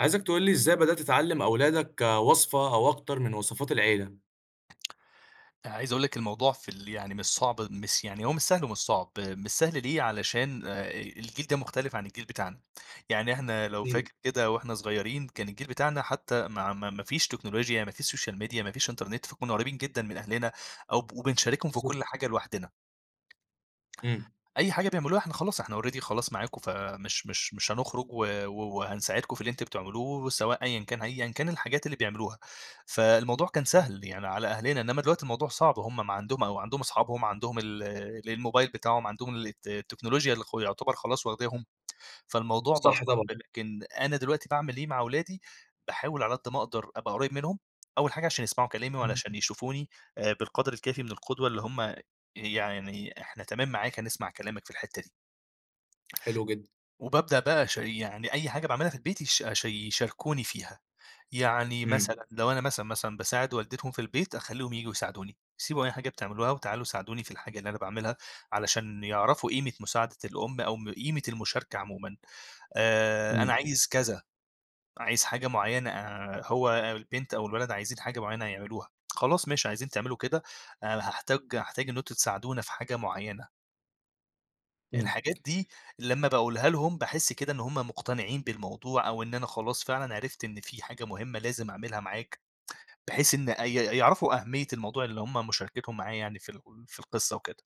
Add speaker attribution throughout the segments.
Speaker 1: عايزك تقول لي إزاي بدأت تعلِّم أولادك وصفة أو أكتر من وصفات العيلة؟
Speaker 2: أنا عايز أقول لِك الموضوع في ال يعني مش صعب مس يعني هو مش سهل ومش صعب، مش سهل ليه، علشان آآ، آآ الجيل ده مُختلف عن الجيل بتاعنا، يعني إحنا لو
Speaker 1: أكيد.
Speaker 2: فاكر كده وإحنا صغيرين، كان الجيل بتاعنا حتى ماع ما ما فيش تكنولوجيا، ما فيش سوشيال ميديا ما فيش إنترنت فكُنّا قريِّبين جدًا من أهلنا أو ب وبنشاركهم في كل
Speaker 1: بالضبط.
Speaker 2: حاجة لوحدنا
Speaker 1: إمم.
Speaker 2: أي حاجة بيعملوها إحنا خلاص، إحنا already خلاص معاكم فمش مش مش هنخرُج و و وهنساعدكم في اللي أنتم بتعملوه، سواء أيًا كان أيًا كان الحاجات اللي بيعملوها. فالموضوع كان
Speaker 1: إمم.
Speaker 2: سهل يعني على أهلنا، إنما دلوقتي الموضوع صعب، هُم ما عندهم أو عندهم أصحابهم، عندهم ال ال الموبايل بتاعهم، عندهم ال الت التكنولوجيا اللي خ يُعتبر خلاص واخداهُم، فالموضوع بقى
Speaker 1: صح
Speaker 2: صعب.
Speaker 1: طبعًا.
Speaker 2: لكن أنا دلوقتي بأعمل إيه مع أولادي، باحاول على قد ما أقدر أبقى قريِّب منهم، أول حاجة عشان يسمعوا كلامي
Speaker 1: إمم.
Speaker 2: وعلشان يشوفوني آآ بالقدْر الكافي من القدوة اللي هُم يعني، إحنا تمام معاك، هنسمع كلامك في الحتة دي.
Speaker 1: حلو جدًا.
Speaker 2: وبابدأ بقى أشا يعني أي حاجة باعملها في البيت يش أش يشاركوني فيها. يعني
Speaker 1: إمم.
Speaker 2: مثلًا لو أنا مثلًا، مثلًا، باساعد والدتهم في البيت، أخلّيهم ييجوا يساعدوني، سيبوا أي حاجة بتعملوها وتعالوا ساعدوني في الحاجة اللي أنا باعملها، علشان يعرفوا قيمة مساعدة الأم أو م قيمة المشاركة عمومًا. آآ، أنا
Speaker 1: إمم.
Speaker 2: عايز كذا، عايز حاجة معينة، هو البنت أو الولد عايزين حاجة معينة هيعملوها، خلاص ماشي، عايزين تعملوا كده، أنا هاحتاج هاحتاج إن أنتم تساعدونا في حاجة معينة.
Speaker 1: إمم.
Speaker 2: الحاجات دي لمّا باقولها لهم باحس كده إن هم مقتنعين بالموضوع، أو إن أنا خلاص فعلًا عرفت إن في حاجة مهمّة لازم أعملها معاك، بحيث إن أي يعرفوا أهمية الموضوع اللي هم مشاركتهم معايا يعني في ال في القصّة وكده.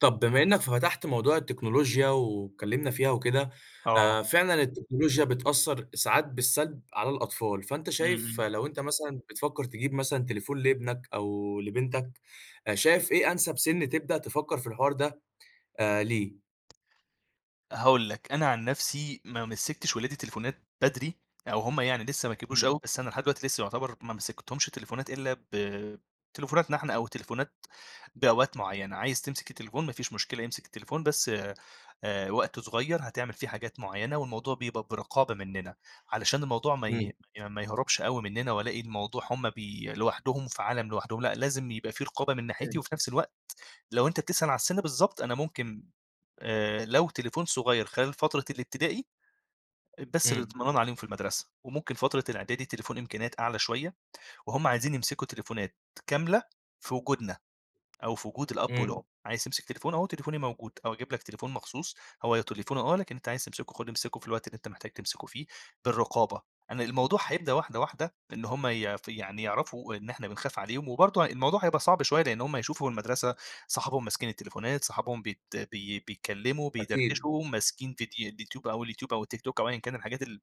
Speaker 1: طب بما إنك فتحت موضوع التكنولوجيا، واتكلمنا فيها وكده
Speaker 2: آه.
Speaker 1: آآ، فعلًا التكنولوجيا بتأثر ساعات بالسلب على الأطفال، فأنت
Speaker 2: إمم،
Speaker 1: شايف
Speaker 2: إمم.
Speaker 1: لو أنت مثلًا بتفكر تجيب مثلًا تليفون لإبنك أو لبنتك، شايف إيه أنسب سن تبدأ تفكر في الحوار ده آآ، ليه؟
Speaker 2: هاقول لك، أنا عن نفسي ما مسِّكتش ولادي تليفونات بدري، أو هم يعني لسّه ما كبروش
Speaker 1: إمم.
Speaker 2: أوي، بس أنا لحد دلوقتي لسّه يعتبر ما مسِّكتهمش تليفونات إلا ب تليفوناتنا إحنا، أو تليفونات بأوقات معيّنة، عايز تمسك التليفون ما فيش مشكلة إمسك التليفون بس آآ، وقت صغيّر هتعمل فيه حاجات معيّنة والموضوع بيبقى برقابة مننا، علشان الموضوع ما
Speaker 1: إمم.
Speaker 2: ي ما يهربش أوي مننا وألاقي الموضوع هم بي لوحدهم في عالم لوحدهم، لأ لازم يبقى في رقابة من ناحيتي،
Speaker 1: إمم.
Speaker 2: وفي نفس الوقت لو أنت بتسأل على السن بالضبط أنا ممكن آآ، لو تليفون صغيّر خلال فترة الابتدائي بس
Speaker 1: إمم.
Speaker 2: للإطمئنان عليهم في المدرسة، وممكن فترة الإعدادي التليفون إمكانيات أعلى شويّة، وهم عايزين يمسكوا تليفونات كاملة في وجودنا، أو في وجود الأب
Speaker 1: إمم.
Speaker 2: والأم عايز تمسك تليفون أهو تليفوني موجود، أو أجيب لك تليفون مخصوص هو تليفوني آه، لكن أنت عايز تمسكه خد تمسكه في الوقت اللي أنت محتاج تمسكه فيه بالرقابة، أنا الموضوع هيبدأ واحدة واحدة إن هم يـف يعني يعرفوا إن إحنا بنخاف عليهم، وبرضو الموضوع هيبقى صعب شويّة لإن هم هيشوفوا المدرسة صحابهم ماسكين التليفونات، صحابهم بيت بي بيتكلّموا
Speaker 1: أكيد.
Speaker 2: بيدردشوا ماسكين ڤيد اليوتيوب أو اليوتيوب أو التيك توك، أو ايًا كان الحاجات ال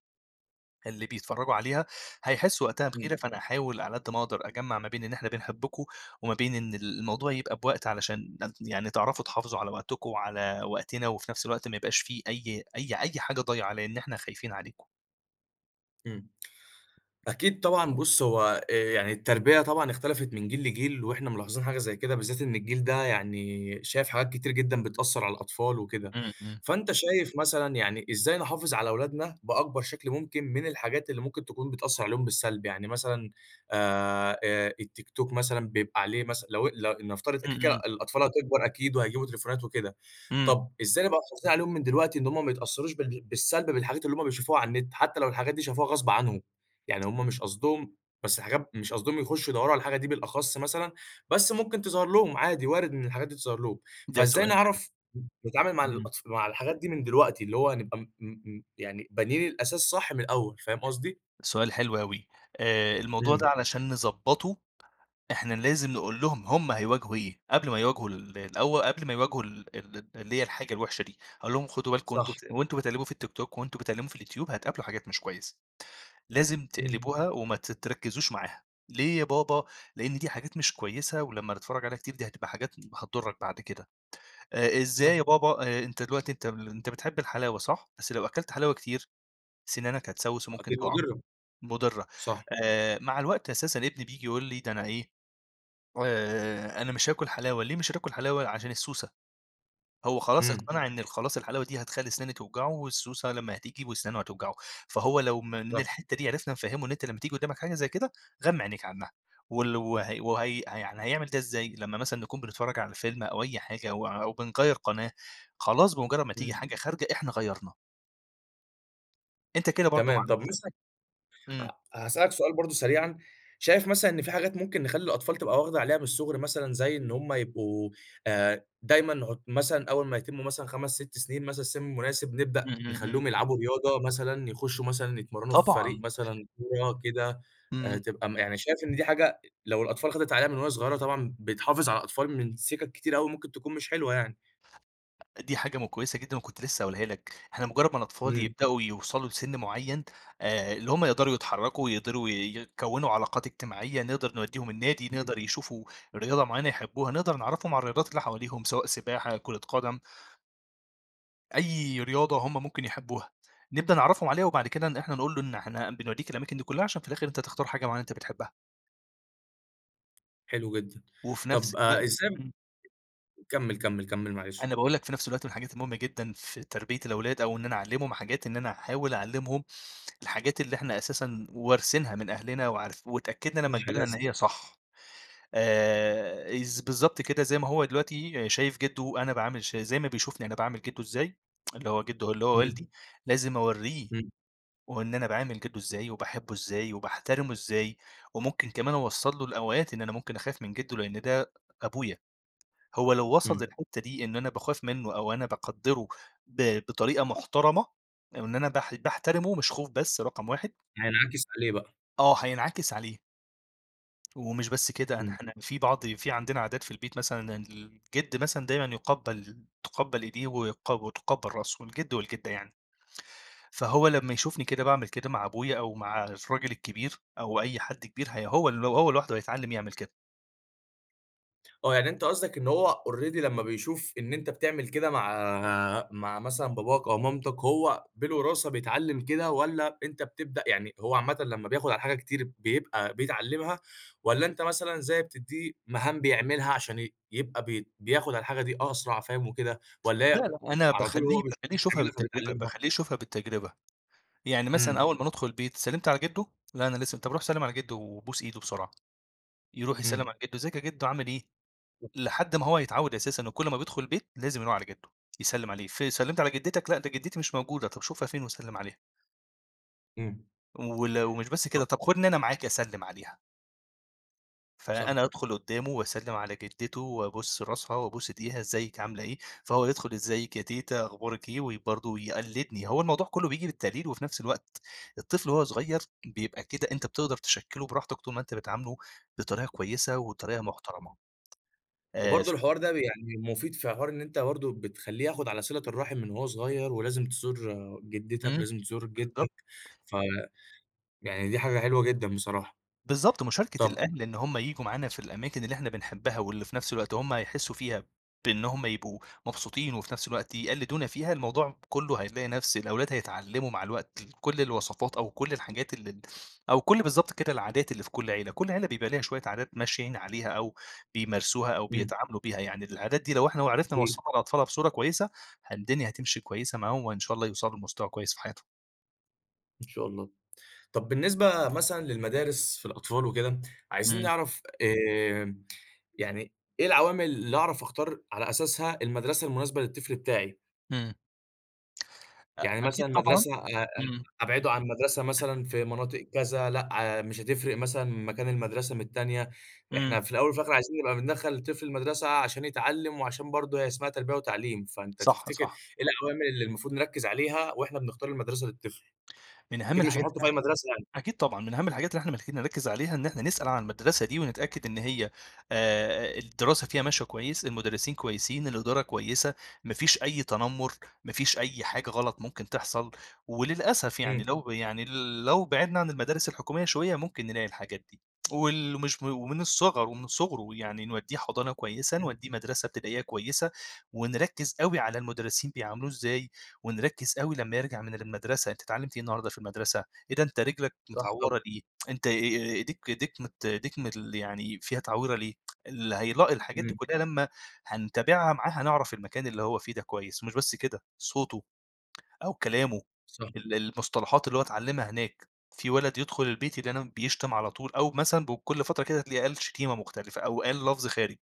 Speaker 2: اللي بيتفرجوا عليها، هيحسوا وقتها
Speaker 1: إمم.
Speaker 2: بغيرة، فأنا أحاول على قد ما أقدر أجمع ما بين إن إحنا بنحبكم، وما بين إن ال الموضوع يبقى بوقت علشان ن يعني تعرفوا تحافظوا على وقتكم، وعلى وقتنا وفي نفس الوقت ما يبقاش في أي أي أي حاجة ضايعة لإن إحنا خايفين عليكم.
Speaker 1: إمم. أكيد طبعًا بُص، هو آآ يعني التربية طبعًا اختلفت من جيل لجيل، واحنا ملاحظين حاجة زي كده، بالذات إن الجيل ده يعني شايف حاجات كتير جدًا بتأثّر على الأطفال وكده.
Speaker 2: إمم، إمم.
Speaker 1: فأنت شايف مثلًا يعني إزاي نحافظ على أولادنا بأكبر شكل ممكن من الحاجات اللي ممكن تكون بتأثّر عليهم بالسلب؟ يعني مثلًا آآ، آآ التيك توك مثلًا بيبقى عليه مثلًا لو ل نفترض كده،
Speaker 2: إمم،
Speaker 1: كده
Speaker 2: إمم.
Speaker 1: الأطفال هتكبر أكيد، وهيجيبوا تليفونات وكده.
Speaker 2: إمم.
Speaker 1: طب إزاي نبقى محافظين عليهم من دلوقتي، إن هم ما يتأثّروش بال بالسَّلب بالحاجات اللي هم بيشوفوها على النت، حتّى لو الحاجات دي شافوها غصب عنهم؟ يعني هم مش قصدهم بس حاجات مش قصدهم يخُشّوا يدوّروا على الحاجة دي بالأخص مثلًا، بس ممكن تظهر لهم عادي، وارد إن الحاجات دي تظهر لهم.
Speaker 2: ده
Speaker 1: فإزاي
Speaker 2: سؤال حلو.
Speaker 1: نعرف نتعامل مع
Speaker 2: إمم.
Speaker 1: الأطف مع الحاجات دي من دلوقتي، اللي هو نبقى م م م يعني بانيين الأساس صح من الأول؟ فاهم قصدي؟
Speaker 2: سؤال حلو أوي. آآ الموضوع ده
Speaker 1: إمم.
Speaker 2: علشان نضَّبطه إحنا لازم نقول لهم هم هيواجهوا إيه، قبل ما يواجهوا ال الأول، قبل ما يواجهوا ال ال اللي هي الحاجة الوحشة دي. هاقول لهم، خدوا بالكم وأنتم
Speaker 1: صح.
Speaker 2: وأنتم بتقلّبوا في التيك توك، وأنتم بتقلّبوا في اليوتيوب، هتقابلوا حاجات مش كويسة. لازم
Speaker 1: إمم.
Speaker 2: تقلبوها، وما تتركزوش معاها. ليه يا بابا؟ لإن دي حاجات مش كويسة، ولمّا نتفرّج عليها كتير، دي هتبقى حاجات هتضُرّك بعد كده. آآ إزاي يا
Speaker 1: صح.
Speaker 2: بابا؟ آآ أنت دلوقتي أنت أنت بتحب الحلاوة صح؟ بس لو أكلت حلاوة كتير، سِنانك هتسوِّس، وممكن
Speaker 1: أكيد
Speaker 2: تُقَع.
Speaker 1: مُضرّة.
Speaker 2: مضرة.
Speaker 1: صح.
Speaker 2: آآ مع الوقت أساسًا ابني بييجي يقول لي ده أنا إيه، آآ أنا مش هاكل حلاوة، ليه مش هتاكل حلاوة؟ عشان السّوسة. هو خلاص
Speaker 1: إمم.
Speaker 2: اقتنع إن خلاص الحلاوة دي، هتخلّي سِنانه توجعه، والسّوسة لمّا هتيجي وسنانه هتوجعه. فهو لو م من
Speaker 1: صح.
Speaker 2: الحتة دي، عرفنا نفهّمه، إن أنت لمّا تيجي قدامك حاجة زي كده، غَمّي عنيك عنّها. وال وه وهي ها يعني هيعمل ده إزاي؟ لمّا مثلًا نكون بنتفرّج على فيلم، أو أي حاجة، أو أو بنغيّر قناة، خلاص بمُجرّد ما تيجي
Speaker 1: إمم.
Speaker 2: حاجة خارجة، إحنا غيّرنا. أنت كده برضو مع
Speaker 1: تمام، طب مثلًا
Speaker 2: نفسك امم.
Speaker 1: آه، هاسألك سؤال برضو سريعًا، شايف مثلًا إن في حاجات ممكن نخلّي الأطفال تبقى واخدة عليها من الصُّغر؟ مثلًا زي إن هُم يبقوا آآ، دايمًا هُت مثلًا أول ما يتمّوا مثلًا 5، 6 سنين مثلًا سن مناسب، نبدأ
Speaker 2: امم، امم، امم.
Speaker 1: نخليهم يلعبوا رياضة مثلًا، يخشوا مثلًا يتمرنوا في فريق
Speaker 2: طبعًا.
Speaker 1: مثلًا كورة كده آآ
Speaker 2: امم.
Speaker 1: تبقى م يعني شايف إن دي حاجة، لو الأطفال خدِت عليها من وهي صغيرة طبعًا بتحافظ على أطفال من سكك كتيرة اوي ممكن تكون مش حلوة يعني.
Speaker 2: دي حاجة م كويسة جدًا وكنت لسه هاقولها لك، إحنا مجرد ما الأطفال
Speaker 1: إمم.
Speaker 2: يبدأوا يوصلوا لسن معين آآ، اللي هم يقدروا يتحركوا ويقدروا ي يكونوا علاقات إجتماعية، نقدر نوديهم النادي
Speaker 1: إمم.
Speaker 2: نقدر يشوفوا رياضة معينة يحبوها، نقدر نعَرفهم عن الرياضات اللي حواليهم سواء سباحة كرة قدم أيّ رياضة هُم ممكن يحبوها، نبدأ نعرَّفهم عليها وبعد كده ن إحنا نقول له إن إحنا بنوديك الأماكن دي كلها، عشان في الآخر أنت تختار حاجة معينة أنت بتحبها.
Speaker 1: حلو جدً، ا
Speaker 2: وفي نفس
Speaker 1: طب آآ،
Speaker 2: الوقت
Speaker 1: إزاي
Speaker 2: امم.
Speaker 1: كمّل، كمّل، كمّل، معلش.
Speaker 2: أنا باقول لك في نفس الوقت من الحاجات المهمة جدًا في تربية الأولاد، أو إن أنا أعلّمهم حاجات، إن أنا أحاول أعلّمهم الحاجات اللي إحنا أساسًا وارثينها من أهلنا، وعارف واتأكدنا لما كبرنا إن
Speaker 1: [unintelligible]
Speaker 2: هي صح. آآ، از بالضبط كده زي ما هو دلوقتي شايف جده أنا باعامل ش زي ما بيشوفني أنا باعامل جده إزاي، اللي هُو جده اللي هُو
Speaker 1: إمم.
Speaker 2: والدي لازم أوريه،
Speaker 1: إمم.
Speaker 2: وهُو إن أنا باعامل جده إزاي وباحبه إزاي، وباحترمه إزاي، وممكن كمان أوصل له الأوقات إن أنا ممكن أخاف من جده لأن ده أبويا، هُو لو وَصل
Speaker 1: إمم.
Speaker 2: للحتة دي إن أنا باخاف منه، أو أنا باقَدّره ب بطريقة محترمة، أو إن أنا باح باحترمه، مش خوف بس رقم 1
Speaker 1: هينعكس عليه بقى.
Speaker 2: آه هينعكس عليه. ومش بس كده أن
Speaker 1: إمم.
Speaker 2: إحنا في بعض، في عندنا عادات في البيت، مثلًا الجِد مثلًا دايمًا يُقبّل تُقبّل إيديه ويق وتقبّل رأسه والجِد والجِدة يعني. فهو لما يشوفني كده باعمل كده مع أبويا أو مع الراجل الكبير، أو أي حد كبير هي هو ل هو لوحده هيتعلّم يعمل كده.
Speaker 1: آه يعني أنت قصدك إن هو already لما بيشوف، إن أنت بتعمل كده مع مع مثلًا باباك أو مامتك، هو بالوراثة بيتعلم كده والّا، أنت بتبدأ يعني هو عامةً لما بياخد على الحاجة كتير بيبقى بيتعلّمها، والّا أنت مثلًا زي بتديه مهام بيعملها عشان ي يبقى بي بياخد على الحاجة دي أسرع فاهم وكده، والّا
Speaker 2: لا
Speaker 1: هي
Speaker 2: لأ أنا
Speaker 1: على طول
Speaker 2: باخليه
Speaker 1: هو بيش
Speaker 2: باخليه يشوفها
Speaker 1: بتعملها
Speaker 2: بالتجربة،
Speaker 1: فبيتعلّمها؟
Speaker 2: باخليه يشوفها بالتجربة، يعني مثلًا
Speaker 1: إمم.
Speaker 2: أول ما ندخل البيت سلّمت على جِدّو؟ لا أنا لسه م طب روح سلّم على جِدّو وبوس إيده بسرعة. يروح يسلّم
Speaker 1: إمم.
Speaker 2: على جِدّو أزيك يا جِدّو عامل إيه؟
Speaker 1: [unintelligible]
Speaker 2: لحد ما هو يتعوّد أساسًا إن كل ما بيدخل البيت لازم يروح على جِدّو يسلم عليه، ف سلِّمت على جدّتك؟ لا ده جدّتي مش موجودة، طب شوفها فين وسلّم عليها.
Speaker 1: إمم.
Speaker 2: وال ومش بس كده،
Speaker 1: طب
Speaker 2: طب خدني أنا معاك أسلّم عليها.
Speaker 1: صح.
Speaker 2: فأنا أدخُل قُدّامه واسلِّم على جدِّته وأبوس راسها وابوس إيديها، ازّيِك، عاملة إيه؟ فهو يدخُل، "إزّيِك يا تيتة، أخبارِك إيه؟" و برضه ويقلِّدني، هو الموضوع كله بييجي بالتقليد وفي نفس الوقت، الطفل وهو صغير بيبقى كده، أنت بتقدَر تشكِّله براحتك طول ما أنت بتعامله بطريقة كويسة وبطريقة محترمة. آآ ف
Speaker 1: وبرضه الحوار ده ب يعني مفيد في حوار إن أنت برضه بتخلّيه ياخد على صِلة الرَّحم من وهو صغيَّر، ولازم تزور جدِّتك
Speaker 2: إمم.
Speaker 1: ولازم تزور
Speaker 2: بالضبط.
Speaker 1: جدَّك ف يعني دي حاجة حلوة جدًا بصراحة.
Speaker 2: بالضبط، مشاركة
Speaker 1: طب
Speaker 2: الأهل إن هُم ييجوا معانا في الأماكن اللي إحنا بنحبّها واللي في نفس الوقت هُم هيحسّوا فيها بإن هُم يبقوا مبسوطين وفي نفس الوقت يقلِّدونا فيها، الموضوع كلُّه هيلاقي نفس الأولاد هيتعلموا مع الوقت ال كل الوصفات أو كل الحاجات ال ال أو كل بالضبط كده، العادات اللي في كل عيلة. كل عيلة بيبقى ليها شويّة عادات ماشيين عليها أو بيمارسوها أو
Speaker 1: إمم.
Speaker 2: بيتعاملوا بيها، يعني العادات دي لو إحنا وعرفنا
Speaker 1: أكيد.
Speaker 2: نوصّلها للأطفال بصورة كويسة ه الدنيا هتمشي كويسة معاهم وإن شاء الله يوصلوا لمستوى كويّس في حياتهم.
Speaker 1: إن شاء الله. طب بالنسبة مثلًا للمدارس في الأطفال وكده، عايزين
Speaker 2: إمم.
Speaker 1: نعرف، آآ، يعني، إيه العوامِل اللي أعرف أختار على أساسها المدرسة المناسبة للطفل بتاعي؟
Speaker 2: إمم. أ
Speaker 1: يعني
Speaker 2: أكيد
Speaker 1: مثلًا
Speaker 2: طبعًا،
Speaker 1: مدرسة أ أ
Speaker 2: إمم.
Speaker 1: أبعده عن مدرسة مثلًا في مناطق كذا، لأ مش هتفرق مثلًا مكان المدرسة من التانية.
Speaker 2: إمم.
Speaker 1: إحنا في الأول، وفي الآخر عايزين نبقى بندخّل الطفل المدرسة، عشان يتعلّم، وعشان برضه هي اسمها تربية وتعليم. فأنت
Speaker 2: صح،
Speaker 1: تفتكر إيه
Speaker 2: صح.
Speaker 1: العوامل اللي المفروض نركّز عليها، وإحنا بنختار المدرسة للطفل؟
Speaker 2: من أهم
Speaker 1: أكيد مش
Speaker 2: الحاجات
Speaker 1: هنحطّه
Speaker 2: اللي
Speaker 1: في أي
Speaker 2: إح
Speaker 1: مدرسة يعني!
Speaker 2: أكيد طبعًا. من أهم الحاجات اللي إحنا محتاجين نركّز عليها، إن احنا نسأل عن المدرسة دي، ونتأكد إن هي آآ الدراسة فيها ماشية كويس، المدرسين كويسين، الإدارة كويسة، ما فيش أي تنمُّر، ما فيش أي حاجة غلط ممكن تحصل. وللأسف يعني
Speaker 1: إمم.
Speaker 2: لو ب يعني لو بِعدنا عن المدارس الحكومية شوية، ممكن نلاقي الحاجات دي. وال مش م ومن الصِغَر. ومن صُغره يعني نودّيه حضانة كويسة،
Speaker 1: إمم.
Speaker 2: نودّيه مدرسة ابتدائية كويسة، ونركّز أوي على المدرسين بيعاملوه إزاي؟ ونركّز أوي لمّا يرجع من المدرسة، أنت اتعلّمت إيه النهاردة في المدرسة؟ إيه ده أنت رِجلك
Speaker 1: صح طب
Speaker 2: متعوّرة ليه؟ أنت أ أ إيديك إيديك مت إيديك مل يعني فيها تعويرة ليه؟ اللي هيلاقي الحاجات دي
Speaker 1: إمم.
Speaker 2: كلّها لمّا هنتابعها معاه، هنعرف المكان اللي هو فيه ده كويس. ومش بس كده صوته، أو كلامه،
Speaker 1: صح.
Speaker 2: ال المصطلحات اللي هو اتعلّمها هناك. في وَلَد يدخل البيت يلاقينا بيشتم على طول، أو مثلًا ب كل فترة كده، هتلاقيه قال شتيمة مختلفة، أو قال لَفظ خارج.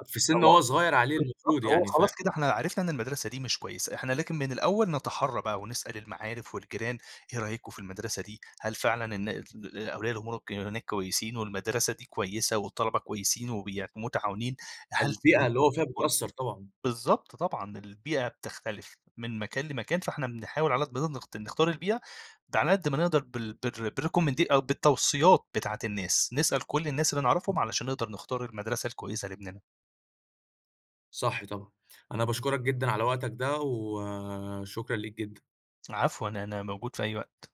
Speaker 1: أ في سِن
Speaker 2: هو
Speaker 1: وهو صغير عليه المفروض
Speaker 2: بالضبط. هو
Speaker 1: يعني. فا
Speaker 2: خلاص كده إحنا عرفنا إن المدرسة دي مش كويسة. إحنا لكن من الأول نَتَحرّى بقى، ونسأل المعارف، والجيران: "إيه رأيكم في المدرسة دي؟ هل فعلًا إن اتل أولياء الأمور ك هناك كويسين؟ والمدرسة دي كويسة، والطَلَبة كويسين، وبي متعاونين؟ هل
Speaker 1: فالبيئة اللي هو فيها
Speaker 2: [unintelligible]
Speaker 1: بتأثّر طبعًا.
Speaker 2: بالضبط طبعًا، البيئة بتختلف من مكان لمكان، فإحنا بنحاول على قد ما نقدر، ت نختار البيئة. ده غلى قد ما نقدر بال بالر بالrecommend أ بالتوصيّات بتاعة الناس. نسأل كل الناس اللي نعرفهم، علشان نقدر نختار المدرسة الكويسة لابْنِنا.
Speaker 1: صح طبعًا. أنا باشكُرك جدًا على وقتك ده، وشكرًا ليك جدًا.
Speaker 2: عفوًا، أنا موجود في أي وقت.